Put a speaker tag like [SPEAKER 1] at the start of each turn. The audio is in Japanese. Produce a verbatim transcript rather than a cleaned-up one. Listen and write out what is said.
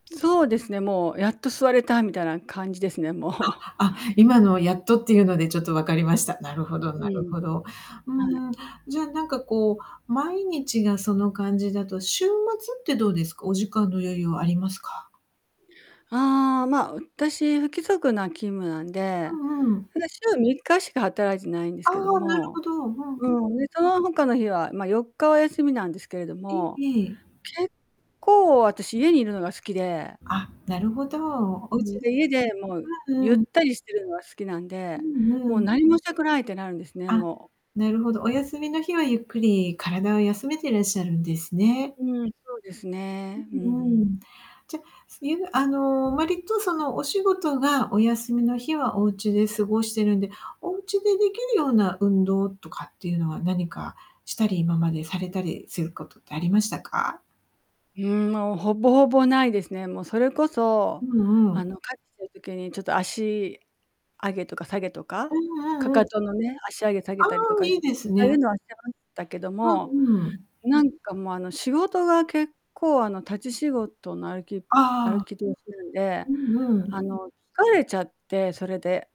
[SPEAKER 1] そうですね、もう、やっと座れた、みたいな感じですね、もう。
[SPEAKER 2] は、あ、今の、やっとっていうのでちょっとわかりました。なるほど
[SPEAKER 1] う
[SPEAKER 2] なる
[SPEAKER 1] ん。
[SPEAKER 2] ほど。
[SPEAKER 1] はい。
[SPEAKER 2] うーん、じゃあ、なんかこう、毎日がその感じだと、週末ってどうですか？お時間の余裕はありますか？
[SPEAKER 1] ああ、まあ、私、不規則な勤務なんで、
[SPEAKER 2] うんうん。
[SPEAKER 1] ただ、週みっかしか働いてないんです
[SPEAKER 2] ああ、
[SPEAKER 1] けど
[SPEAKER 2] なる
[SPEAKER 1] も。
[SPEAKER 2] ほど。うんうん。
[SPEAKER 1] うーん、で、その他の日は、まあ、よっかは休みなんですけれど
[SPEAKER 2] え、
[SPEAKER 1] も、
[SPEAKER 2] ええ。
[SPEAKER 1] 結構、私、家にいるのが好きで
[SPEAKER 2] あ、なるほど。お
[SPEAKER 1] う
[SPEAKER 2] うち
[SPEAKER 1] ん、で、
[SPEAKER 2] で。
[SPEAKER 1] 家で、もう、
[SPEAKER 2] うん
[SPEAKER 1] ゆっ
[SPEAKER 2] うん。
[SPEAKER 1] たりしてるのは好きなん
[SPEAKER 2] う
[SPEAKER 1] で、
[SPEAKER 2] んう
[SPEAKER 1] もう
[SPEAKER 2] ん。
[SPEAKER 1] 何もしたくないってなるんですね、
[SPEAKER 2] あ、
[SPEAKER 1] もう。
[SPEAKER 2] なるほど。お休みの日はゆっくり体を休めていらっしゃるんですね。
[SPEAKER 1] うん、そうです
[SPEAKER 2] う
[SPEAKER 1] ね。うんう
[SPEAKER 2] ん。うー
[SPEAKER 1] ん。
[SPEAKER 2] ん。じゃ、そいうあの、割と、その、お仕事がお休みの日はおうちで過ごしてるんで、おうちでできるような運動とかっていうのは、何かしたり、今までされたりすることってありましたか？
[SPEAKER 1] うーん、もう、ほぼほぼ、ないですね。もう、それこ
[SPEAKER 2] う
[SPEAKER 1] そ、
[SPEAKER 2] んう
[SPEAKER 1] あ
[SPEAKER 2] ん。
[SPEAKER 1] の、帰った時にちょっと足上げとか下げと
[SPEAKER 2] う
[SPEAKER 1] か、
[SPEAKER 2] んうんう
[SPEAKER 1] 踵
[SPEAKER 2] ん。
[SPEAKER 1] のね、足上げ下げ
[SPEAKER 2] ああ、
[SPEAKER 1] たりとか
[SPEAKER 2] い
[SPEAKER 1] し
[SPEAKER 2] いです
[SPEAKER 1] [unintelligible] そういう
[SPEAKER 2] ね。
[SPEAKER 1] のはしてましたけど
[SPEAKER 2] う
[SPEAKER 1] も、
[SPEAKER 2] んうん。
[SPEAKER 1] なんかもう、あの、仕事が結構、あの、立ち仕事の、歩き
[SPEAKER 2] あ
[SPEAKER 1] 歩
[SPEAKER 2] あ。
[SPEAKER 1] き通しなんで、
[SPEAKER 2] うんうん。
[SPEAKER 1] あの、疲れちゃって、それで。